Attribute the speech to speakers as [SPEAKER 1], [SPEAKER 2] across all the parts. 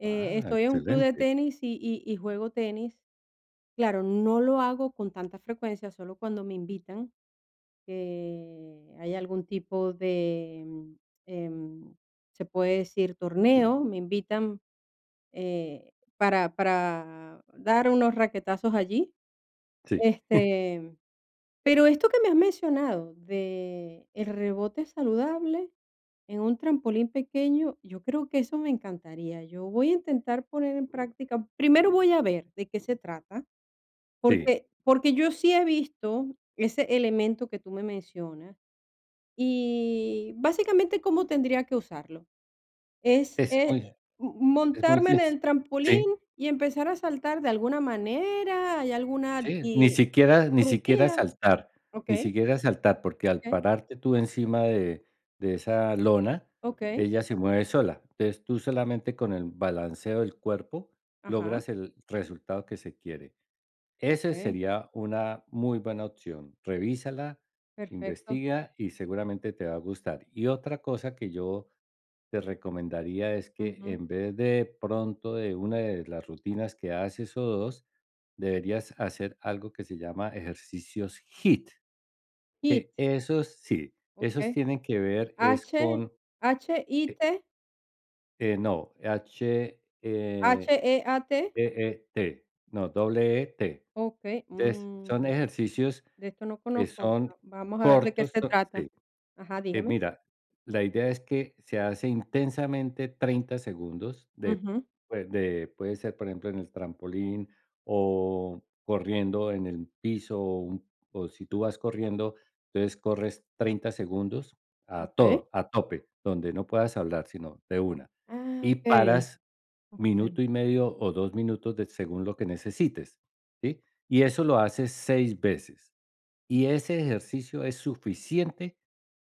[SPEAKER 1] Eh,
[SPEAKER 2] Ah,
[SPEAKER 1] estoy en un club de
[SPEAKER 2] excelente.
[SPEAKER 1] tenis y y y juego tenis. Claro, no lo hago con tanta frecuencia, solo cuando me invitan, que haya algún tipo de, em, se puede decir torneo, me invitan, eh, para para dar unos raquetazos allí.
[SPEAKER 2] Sí.
[SPEAKER 1] Este, pero esto que me has mencionado del rebote saludable en un trampolín pequeño, yo creo que eso me encantaría. Yo voy a intentar poner en práctica primero voy a ver de qué se trata,
[SPEAKER 2] Sí.
[SPEAKER 1] porque porque yo sí he visto ese elemento que tú me mencionas, y básicamente, ¿cómo tendría que usarlo? ¿Es
[SPEAKER 2] Es
[SPEAKER 1] e,
[SPEAKER 2] muy
[SPEAKER 1] m
[SPEAKER 2] es muy,
[SPEAKER 1] montarme
[SPEAKER 2] sí.
[SPEAKER 1] en el
[SPEAKER 2] Sí.
[SPEAKER 1] trampolín y empezar a saltar de alguna manera? ¿Hay alguna
[SPEAKER 2] Sí, ni
[SPEAKER 1] di
[SPEAKER 2] siquiera ni siquiera
[SPEAKER 1] rutina?
[SPEAKER 2] saltar. Ni
[SPEAKER 1] Okey.
[SPEAKER 2] siquiera saltar, porque al
[SPEAKER 1] Okey.
[SPEAKER 2] pararte tú encima de de esa lona,
[SPEAKER 1] Okey.
[SPEAKER 2] ella se mueve sola. Es tú solamente con el balanceo del cuerpo
[SPEAKER 1] Ajá.
[SPEAKER 2] logras el resultado que se quiere. Ese
[SPEAKER 1] Okey.
[SPEAKER 2] sería una muy buena opción, revísala,
[SPEAKER 1] Perfecto.
[SPEAKER 2] investiga, y seguramente te va a gustar. Y otra cosa que yo te recomendaría es que,
[SPEAKER 1] Ujú.
[SPEAKER 2] en vez de pronto de una de las rutinas que haces, o 2, deberías hacer algo que se llama ejercicios HIIT.
[SPEAKER 1] HIIT.
[SPEAKER 2] Que esos sí. Esos
[SPEAKER 1] Okey.
[SPEAKER 2] tienen que ver es
[SPEAKER 1] ¿H?
[SPEAKER 2] con, eh
[SPEAKER 1] ¿H-I-T?
[SPEAKER 2] eh, no, H, eh,
[SPEAKER 1] ¿H-E-A-T?
[SPEAKER 2] E-E-T. No, doble E-T.
[SPEAKER 1] Okey.
[SPEAKER 2] Es son
[SPEAKER 1] Mm.
[SPEAKER 2] ejercicios
[SPEAKER 1] De esto no
[SPEAKER 2] que
[SPEAKER 1] conozco.
[SPEAKER 2] son
[SPEAKER 1] Vamos a ver de qué
[SPEAKER 2] cortos,
[SPEAKER 1] se
[SPEAKER 2] son
[SPEAKER 1] trata.
[SPEAKER 2] sí,
[SPEAKER 1] Ajá,
[SPEAKER 2] eh,
[SPEAKER 1] dígame.
[SPEAKER 2] mira, la idea es que se hace intensamente 30 segundos de
[SPEAKER 1] Ujú.
[SPEAKER 2] de puede ser, por ejemplo, en el trampolín, o, corriendo en el piso, o, un o si tú vas corriendo, entonces corres 30 segundos a
[SPEAKER 1] Okey.
[SPEAKER 2] todo, a tope, donde no puedas hablar, sino de una.
[SPEAKER 1] Ah,
[SPEAKER 2] Y
[SPEAKER 1] okey.
[SPEAKER 2] paras
[SPEAKER 1] Okey.
[SPEAKER 2] minuto y medio o 2 minutos de según lo que necesites, ¿sí? Y eso lo haces 6 veces. Y ese ejercicio es suficiente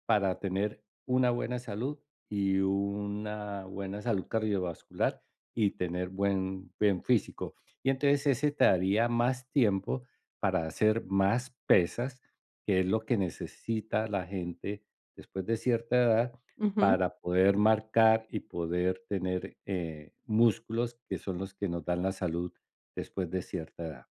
[SPEAKER 2] para tener una buena salud, y una buena salud cardiovascular, y tener buen buen físico. Y entonces ese te daría más tiempo para hacer más pesas, que es lo que necesita la gente después de cierta edad
[SPEAKER 1] Ujú.
[SPEAKER 2] para poder marcar, y poder tener, eh, músculos, que son los que nos dan la salud después de cierta edad.